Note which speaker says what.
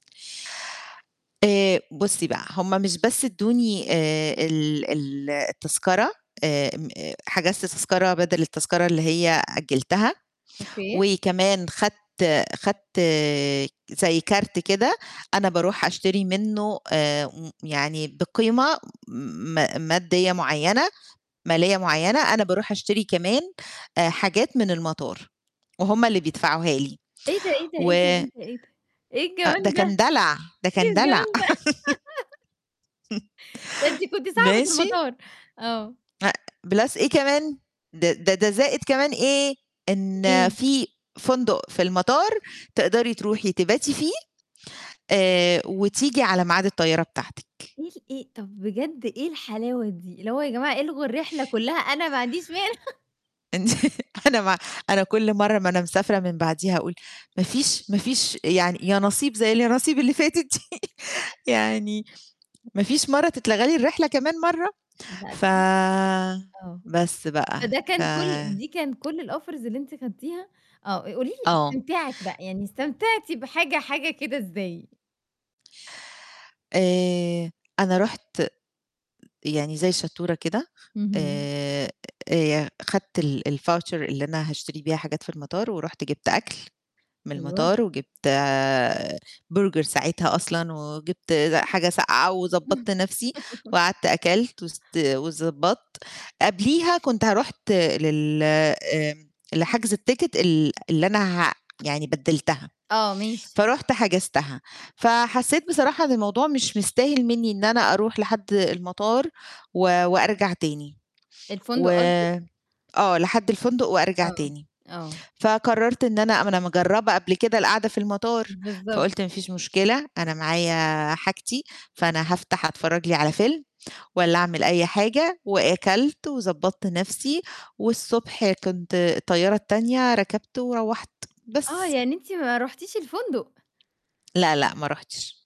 Speaker 1: آآ بُصي بقى هم مش بس أدوني آآ ال ال التذكرة آآ م آآ حجزت تذكرة بدل التذكرة اللي هي أجلتها،
Speaker 2: أوكي.
Speaker 1: وكمان خدت خدت زي كارت كده أنا باروح أشتري منه آآ يعني بقيمة م مادية معينة مالية معينة، أنا باروح أشتري كمان آآ حاجات من المطار وهم اللي بيدفعوها لي
Speaker 2: إيه ده، إيه ده،
Speaker 1: و
Speaker 2: إيه ده، إيه ده، إيه
Speaker 1: أ ده
Speaker 2: الجمال ده!
Speaker 1: كان دلع ده
Speaker 2: إيه
Speaker 1: كان دلع
Speaker 2: الجمال ده ده أنتِ كنتِ صاحبة
Speaker 1: ماشي؟
Speaker 2: المطار. آه.
Speaker 1: أ plus إيه كمان د ده ده زائد كمان إيه، إن
Speaker 2: إيه.
Speaker 1: في فندق في المطار تقدري تروحي تباتي فيه آآ وتيجي على ميعاد الطيارة بتاعتِك.
Speaker 2: إيه إيه طب بجد إيه الحلاوة دي؟ اللي هو يا جماعة إلغوا الرحلة كلها أنا ما عنديش مانع.
Speaker 1: أنتِ أنا ما أنا كل مرة ما أنا مسافرة من بعديها أقول ما فيش ما فيش يعني يانصيب زي اليانصيب اللي فاتت دي يعني ما فيش مرة تتلغي لي الرحلة كمان مرة
Speaker 2: لا
Speaker 1: ف
Speaker 2: ده حقك آه
Speaker 1: بس بقى
Speaker 2: فده
Speaker 1: ف
Speaker 2: كان كل دي كان كل الoffers اللي أنتِ خدتيها آه قولي لي
Speaker 1: آه.
Speaker 2: استمتاعِك بقى يعني استمتعتي بحاجة حاجة كده إزاي؟
Speaker 1: آآ أنا رُحت يعني زي الشطورة كده
Speaker 2: اهم.
Speaker 1: آآ آآ ي خدت ال الVoucher اللي أنا هاشتري بيها حاجات في المطار، ورُحت جِبت أكل من
Speaker 2: أيوه.
Speaker 1: المطار وجِبت برجر ساعتها أصلًا وجِبت حاجة ساقعة وضبّطت نفسي وقعدت أكلت وست وضبطت، قبليها كنت ه رُحت لل آآ لحجز التيكت ال اللي أنا ه يعني بدلتها.
Speaker 2: آه ماشي.
Speaker 1: فرحت حجزتها فحسيت بصراحة إن الموضوع مش مستاهل مني إن أنا أروح لحد المطار و وأرجع تاني، و
Speaker 2: الفندق قصدِك؟
Speaker 1: آه لحد الفندق وأرجع
Speaker 2: آه
Speaker 1: تاني
Speaker 2: آه.
Speaker 1: فقررت إن أنا ما أنا مجربة قبل كده القعدة في المطار،
Speaker 2: بالضبط.
Speaker 1: فقلت ما فيش مشكلة أنا معايا حاجتي فأنا هافتح أتفرج لي على فيلم والّا أعمل أي حاجة وأكلت وضبّطت نفسي والصبح كنت الطيارة التانية ركبته وروّحت
Speaker 2: آه
Speaker 1: بس
Speaker 2: يعني أنتِ ما رُحتيش الفندق؟
Speaker 1: لا لأ، ما رُحتش.